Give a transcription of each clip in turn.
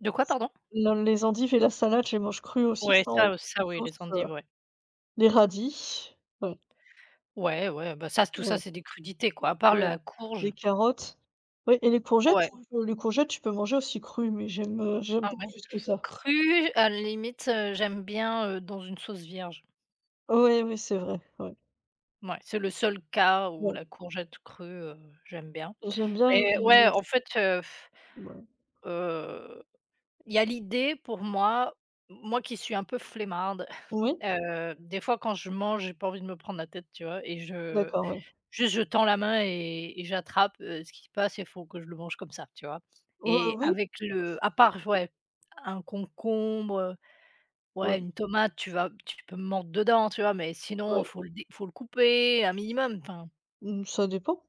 De quoi, pardon? Non, les endives et la salade, je les mange crues aussi Ouais, sans ça, heu, sans ça, oui, les sauce, heu, endives, ouais. les radis ouais. Ouais, ouais, bah, ça, c'est tout ça, Mmh. c'est des crudités, quoi, à part Ouais. la courge. Les carottes. Oui et les courgettes! Ouais. [unintelligible] Les courgettes, tu peux manger aussi crues, mais j'aime, heu, j'aime Ah, pas ouais. plus que ça. Crue, à la limite, heu, j'aime bien, heu, dans une sauce vierge. Oui, oui, c'est vrai, ouais. Mouais, c'est le seul cas où Ouais. la courgette crue, heu, j'aime bien. J'aime bien Mais les ouais, les en fait, heu,, Ouais. heu, il y a l'idée pour moi, moi qui suis un peu flemmarde, Oui. heu, des fois quand je mange, j'ai pas envie de me prendre la tête, tu vois et je D'accord, ouais. juste, je tends la main et et j'attrape, heu, ce qui se passe et il faut que je le mange comme ça, tu vois? Ouais, Et oui. avec Bah c'est le à part, j c'est ouais, un concombre, heu, ouais, Ouais. une tomate, tu vas tu peux me mordre dedans, tu vois? Mais sinon, Ouais. faut le dé faut le couper un minimum, enfin Mmh, ça dépend.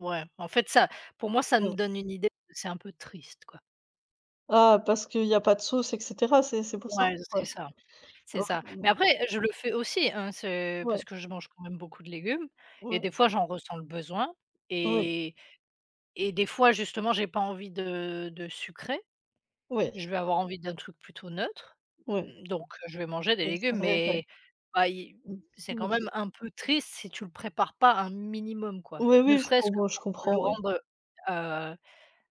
Ouais, en fait, ça, pour moi, ça nous Ouais. donne une idée que c'est un peu triste, quoi. Ah, parce qu'il y a pas de sauce et cetera, c'est c'est pour ça? Ouais, c c'est Ouais. ça, c'est Alors, ça. heu, bon Mais après, heu, je le fais aussi, hein, ce parce Ouais. que je mange quand même beaucoup de légumes et Ouais. des fois, j'en ressens le besoin Ouais. et et des fois, justement, j'ai pas envie de de sucré. Oui. Je vais avoir envie d'un truc plutôt neutre Ouais. donc heu, je vais manger des Ouais, c'est légumes vrai, ouais. mais bah, il Mmh. c'est quand même [unintelligible] un peu triste, si tu le prépares pas un minimum, quoi, Oui, ne oui, je serait-ce que comprends, je pour le comprends, oui. rendre, heu heu,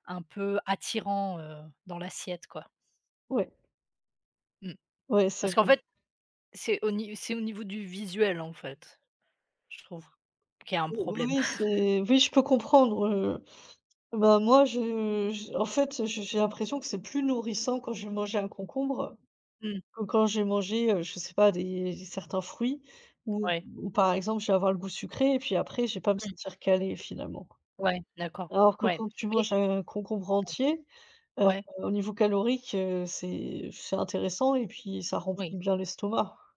un peu attirant, heu, dans l'assiette, quoi. Ouais. Mmh. Ouais, c'est Parce qu'en vrai. fait, c'est au ni c'est au niveau du visuel, en fait. Je trouve qu'il y a un Ou oui, problème. oui c'est oui, je peux comprendre, heu, bah, moi je j en fait, heu, je j'ai l'impression que c'est plus nourrissant quand j'ai mangé un concombre, Mmh. que quand j'ai mangé, heu, je sais pas, des certains fruits ou Ouais. ou par exemple, je vais avoir le goût sucré et puis après, je vais pas me Mmh. sentir calée finalement. Ouais, d'accord, Alors que ouais quand tu et manges un concombre entier, mmh. heu, Ouais. au niveau calorique, heu, c'est f c'est intéressant et puis ça remplit Oui. bien l'estomac.